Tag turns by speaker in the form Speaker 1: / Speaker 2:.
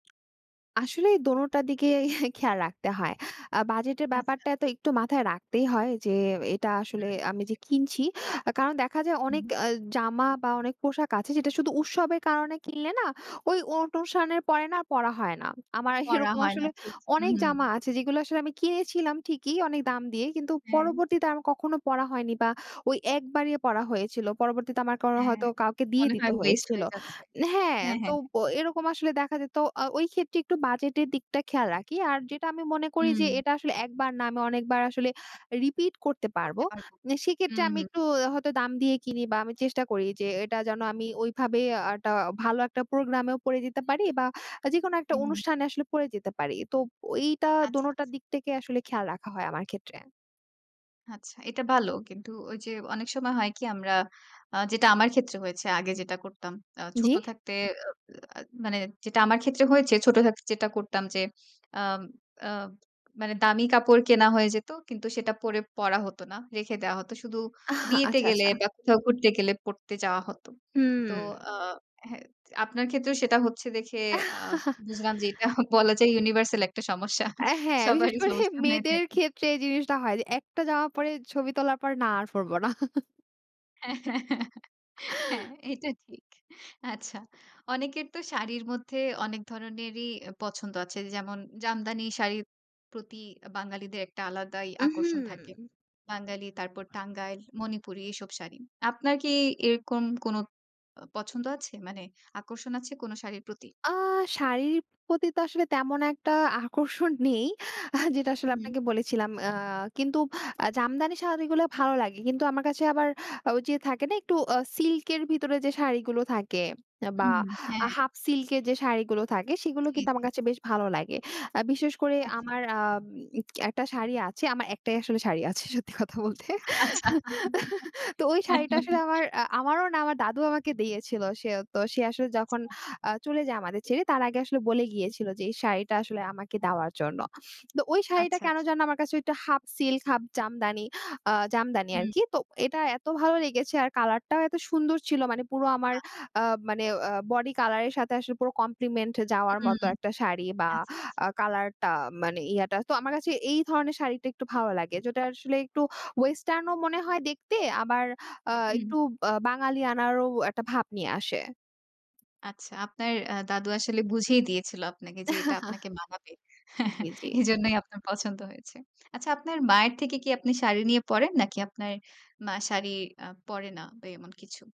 Speaker 1: আসলে দোনোটার দিকে খেয়াল রাখতে হয়। আ বাজেটের
Speaker 2: আচ্ছা।
Speaker 1: ব্যাপারটা তো একটু মাথায় রাখতেই হয় যে, "এটা আসলে
Speaker 2: হুম,
Speaker 1: আমি যে,
Speaker 2: অবশ্যই।
Speaker 1: কিনছি।" কারণ দেখা যায় অনেক
Speaker 2: হুম।
Speaker 1: অ্যা জামা বা অনেক পোশাক আছে যেটা শুধু উৎসবের কারণে কিনলে না? ওই অনুষ্ঠানের পরে না? পড়া হয় না। আমার
Speaker 2: করা
Speaker 1: এরকম
Speaker 2: হয় না
Speaker 1: আসলে
Speaker 2: ঠিক। হু,
Speaker 1: অনেক
Speaker 2: হুম।
Speaker 1: জামা আছে, যেগুলো আসলে আমি কিনেছিলাম ঠিকই অনেক দাম দিয়ে। কিন্তু
Speaker 2: হুম।
Speaker 1: পরবর্তীতে আমার কখনো পড়া হয়নি বা ওই ১ বারই পড়া হয়েছিল। পরবর্তীতে আমার কোন
Speaker 2: হ্যাঁ,
Speaker 1: হয়তো কাউকে দিয়ে
Speaker 2: মনে
Speaker 1: দিতে
Speaker 2: হয় ওয়েস্ট
Speaker 1: হয়েছিল
Speaker 2: হয়ে যাচ্ছে।
Speaker 1: হ্যাঁ।
Speaker 2: হ্যাঁ,
Speaker 1: তো
Speaker 2: হ্যাঁ, হ্যাঁ।
Speaker 1: এরকম আসলে দেখা যেত আ ওই ক্ষেত্রে একটু বাজেটের দিকটা খেয়াল রাখি। আর যেটা আমি মনে করি যে,
Speaker 2: হুম।
Speaker 1: এটা আসলে একবার না, আমি অনেকবার আসলে রিপিট করতে পারব।
Speaker 2: পরতে পারবো।
Speaker 1: সেক্ষেত্রে
Speaker 2: হুম,
Speaker 1: আমি
Speaker 2: হুম।
Speaker 1: একটু হয়তো দাম দিয়ে কিনি বা আমি চেষ্টা করি যে, এটা যেন আমি ওইভাবে একটা ভালো একটা প্রোগ্রাম এও পড়ে যেতে পারি বা যেকোনো একটা
Speaker 2: হু, হুম।
Speaker 1: অনুষ্ঠানে আসলে পরে যেতে পারি। তো এইটা,
Speaker 2: আচ্ছা।
Speaker 1: দোনোটার দিক থেকে আসলে খেয়াল রাখা হয় আমার ক্ষেত্রে।
Speaker 2: আচ্ছা, এটা ভালো। কিন্তু ওই যে, অনেক সময় হয় কি? আমরা, আ যেটা আমার ক্ষেত্রে হয়েছে, আগে যেটা করতাম। আ ছোট
Speaker 1: জ্বী?
Speaker 2: থাকতে অ আ মানে যেটা আমার ক্ষেত্রে হয়েছে ছোট থাকতে যেটা করতাম যে, আম আ মানে দামি কাপড় কেনা হয়ে যেত। কিন্তু সেটা পরে পড়া হত না। রেখে দেওয়া হত। শুধু বিয়েতে
Speaker 1: আচ্ছা,
Speaker 2: গেলে
Speaker 1: আচ্ছা।
Speaker 2: বা কোথাও ঘুরতে গেলে পড়ে যাওয়া হত। তো
Speaker 1: হুম।
Speaker 2: আ হ্যাঁ, আপনার ক্ষেত্রেও সেটা হচ্ছে দেখে আ বুঝলাম যে, এটা বলা যায় ইউনিভার্সাল একটা সমস্যা।
Speaker 1: অ্যা হ্যাঁ, বিশেষ
Speaker 2: সবারই
Speaker 1: করে
Speaker 2: সমস্যা হয়ে
Speaker 1: মেয়েদের
Speaker 2: থাকে।
Speaker 1: ক্ষেত্রে জিনিসটা হয়, যে, একটা জামা পড়ে ছবি তোলার পর, না আর পড়ব না।
Speaker 2: হ্যাঁ, হ্যাঁ, হ্যাঁ। হ্যাঁ। এটা ঠিক। আচ্ছা। অনেকের তো শাড়ির মধ্যে অনেক ধরনেরই পছন্দ আছে। যেমন জামদানি শাড়ির প্রতি বাঙালিদের একটা আলাদাই আকর্ষণ থাকে।
Speaker 1: উহু।
Speaker 2: বাঙালি তারপর টাঙ্গাইল, মণিপুরী এসব শাড়ি। আপনার কি এরকম কোনো আ পছন্দ আছে? মানে আকর্ষণ আছে কোনো শাড়ির প্রতি?
Speaker 1: আ শাড়ির প্রতি তো আসলে তেমন একটা আকর্ষণ নেই। আ যেটা আসলে
Speaker 2: হুম।
Speaker 1: আপনাকে বলেছিলাম। আ কিন্তু আ জামদানি শাড়িগুলা ভালো লাগে। কিন্তু আমার কাছে আবার ঐযে থাকে না? একটু আ সিল্ক এর ভেতরে যে, শাড়িগুলো থাকে বা
Speaker 2: হুম, হ্যাঁ।
Speaker 1: হাফ সিল্ক এর যে, শাড়িগুলো থাকে। সেগুলো
Speaker 2: হুম,
Speaker 1: কিন্তু আমার
Speaker 2: হুম।
Speaker 1: কাছে বেশ ভালো লাগে। অ্যা বিশেষ করে
Speaker 2: আচ্ছা।
Speaker 1: আমার আম একটা শাড়ি আছে, আমার একটাই আসলে শাড়ি আছে সত্যি কথা বলতে।
Speaker 2: আচ্ছা।
Speaker 1: তো ওই শাড়িটা আসলে আমার, আ আমারও না, আমার দাদু আমাকে দিয়েছিল। সে ও তো, সে আসলে
Speaker 2: আচ্ছা।
Speaker 1: যখন আ চলে যায় আমাদের ছেড়ে, তার আগে আসলে বলে গিয়েছিল যে, এই শাড়িটা আসলে আমাকে দেওয়ার জন্য। তো ওই শাড়িটা
Speaker 2: আচ্ছা।
Speaker 1: কেন যেন আমার কাছে একটা হাফ সিল্ক, হাফ জামদানি আ জামদানি
Speaker 2: হুম।
Speaker 1: আরকি। তো এটা এত ভালো লেগেছে, আর কালার টাও এত সুন্দর ছিল। মানে পুরো আমার
Speaker 2: না।
Speaker 1: আ মানে আ বডি কালার এর সাথে আসলে পুরো কমপ্লিমেন্ট যাওয়ার মতো
Speaker 2: হুম।
Speaker 1: একটা শাড়ি বা
Speaker 2: আচ্ছা, আচ্ছা।
Speaker 1: আ কালার টা মানে ইয়াটা। তো আমার কাছে এই ধরনের শাড়িটা একটু ভালো লাগে। যেটা আসলে একটু ওয়েসটার্ন ও মনে হয় দেখতে, আবার আ
Speaker 2: হুম।
Speaker 1: একটু বা বাঙালি আনারও একটা ভাব নিয়ে আসে।
Speaker 2: আচ্ছা, আপনার আ দাদু আসলে বুঝেই দিয়েছিল আপনাকে যে, এটা আপনাকে মানাবে।
Speaker 1: জ্বী, জ্বী।
Speaker 2: এজন্যই আপনার পছন্দ হয়েছে। আচ্ছা, আপনার মায়ের থেকে কি আপনি শাড়ি নিয়ে পড়েন, নাকি আপনার মা শাড়ি আ পড়ে না, ওই এমন কিছু?